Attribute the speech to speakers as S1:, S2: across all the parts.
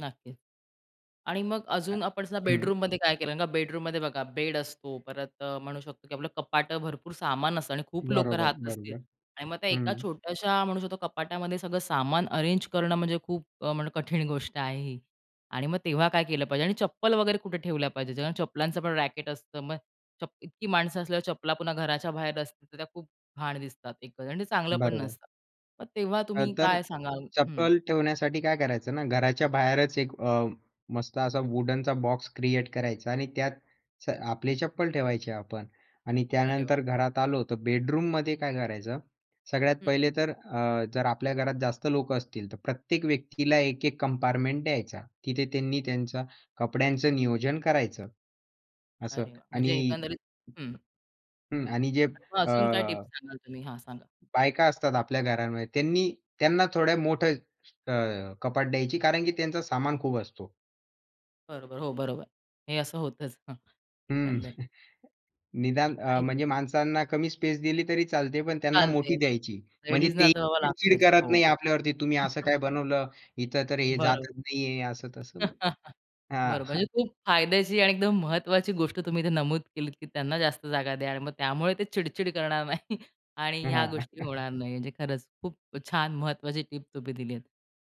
S1: नक्कीच आणि मग अजून आपण सुद्धा
S2: हं.
S1: बेडरूममध्ये काय केलं? कारण का बेडरूमध्ये बघा, बेड असतो परत अ, म्हणू शकतो, की आपलं कपाटं भरपूर सामान असतं आणि खूप लोक
S2: बरोबर,
S1: राहत असतील
S2: बरोबर.
S1: आणि मग त्या एका
S2: हं.
S1: छोट्याशा, म्हणू शकतो कपाटामध्ये सगळं सामान अरेंज करणं म्हणजे खूप अ, म्हणलं कठीण गोष्ट आहे ही आणि मग तेव्हा काय केलं पाहिजे? आणि चप्पल वगैरे कुठे ठेवल्या पाहिजेत? ज्याहून चप्पलांचं पण रॅकेट असतं, मग चप इतकी माणसं असल्यावर चपला पुन्हा घराच्या बाहेर असतील, तर त्या खूप घाण दिसतात एकंदरीत आणि ते चांगलं पण
S2: बरोबर.
S1: नसतं. मग तेव्हा
S2: अ,
S1: तुम्ही
S2: तर
S1: काय सांगाल? हं.
S2: चप्पल ठेवण्यासाठी काय करायचं ना, घराच्या बाहेरच एक अ, मस्त असा वुडनचा बॉक्स क्रिएट करायचा आणि त्यात स आपले चप्पल ठेवायचे आपण. आणि
S1: अरे वाह!
S2: त्यानंतर घरात आलो, तर बेडरूममध्ये काय करायचं? सगळ्यात
S1: हं, हं.
S2: पहिले तर अ, जर आपल्या घरात जास्त लोक असतील, तर प्रत्येक व्यक्तीला एक-एक कंपार्टमेंट द्यायचा. तिथे त्यांनी त्यांच्या कपड्यांचं नियोजन करायचं. असं
S1: अरे वाह! म्हणजे
S2: आणि
S1: एकंदरीत हं.
S2: हं, आणि जे
S1: आणि मग
S2: अ
S1: अजून काय टिप्स सांगाल तुम्ही? हां, सांगा.
S2: बायका असतात आपल्या घरांमध्ये, त्यांनी त्यांना थोड्या मोठं अ, कपाट द्यायची कारण की त्यांचा सामान खूप असतो.
S1: बरोबर. हो, बरोबर. हे असं होतच. हं,
S2: हं,
S1: एकंदरीत.
S2: निदान अ,
S1: आणि
S2: म्हणजे माणसांना कमी स्पेस दिली तरी चालते, पण त्यांना मोठी
S1: चालते.
S2: द्यायची. म्हणजे
S1: लेडीजना
S2: ते
S1: तर बाबा
S2: चिड-चिड
S1: लागतेच.
S2: करत
S1: हो.
S2: नाही आपल्यावरती, "तुम्ही असं काय बनवलं? इथं तर हे
S1: बरोबर.
S2: जातच नाहीये," असं-तसं. हां.
S1: बरं, म्हणजे खूप फायद्याची आणि एकदम महत्त्वाची गोष्ट तुम्ही इथे नमूद केलीत, की त्यांना जास्त जागा द्या आणि मग त्यामुळे ते चिड-चिड करणार नाही. आणि ह्या
S2: हां.
S1: गोष्टी होणार नाही, म्हणजे खरंच खूप छान, महत्त्वाची टिप तुम्ही दिलीत.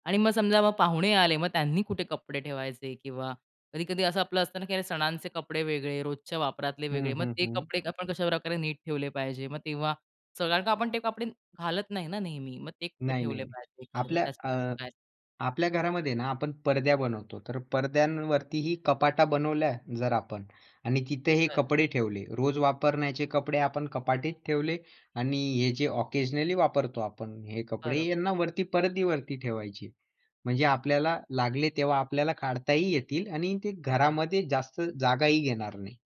S1: आणि मग समजा, मग पाहुणे आले, मग त्यांनी कुठे कपडे ठेवायचे किंवा कधी-कधी असं आपलं असतं ना, की अरे सणांचे कपडे वेगळे, रोजच्या वापरातले वेगळे,
S2: हं,
S1: मग
S2: हं,
S1: ते
S2: हं.
S1: कपडे आपण कशाप्रकारे नीट ठेवले पाहिजे? मग तेव्हा सगळ्यां कारण का ते कपडे घालत नाही ना नेहमी, मग ते कुठे
S2: नाही, नाही,
S1: ठेवले
S2: नाही,
S1: पाहिजे, एकंदरीत. मग
S2: आपल्या
S1: त्यासाठी तुम्ही
S2: अ,
S1: काय सांगाल?
S2: आपल्या घरामध्ये ना, आपण परद्या बनवतो. तर परद्यांवरती ही कपाटा बनवल्या जर आपण आणि तिथे हे
S1: बरं.
S2: कपडे ठेवले, रोज वापरण्याचे कपडे आपण कपाटीत ठेवले आणि हे जे ऑकेजनली वापरतो आपण, हे कपडे,
S1: बरं.
S2: यांना वरती परदीवरती ठेवायचे. म्हणजे
S1: हं, हं.
S2: आपल्याला लागले तेव्हा आपल्याला काढताही येतील आणि ते घरामध्ये जास्त जागाही घेणार नाही.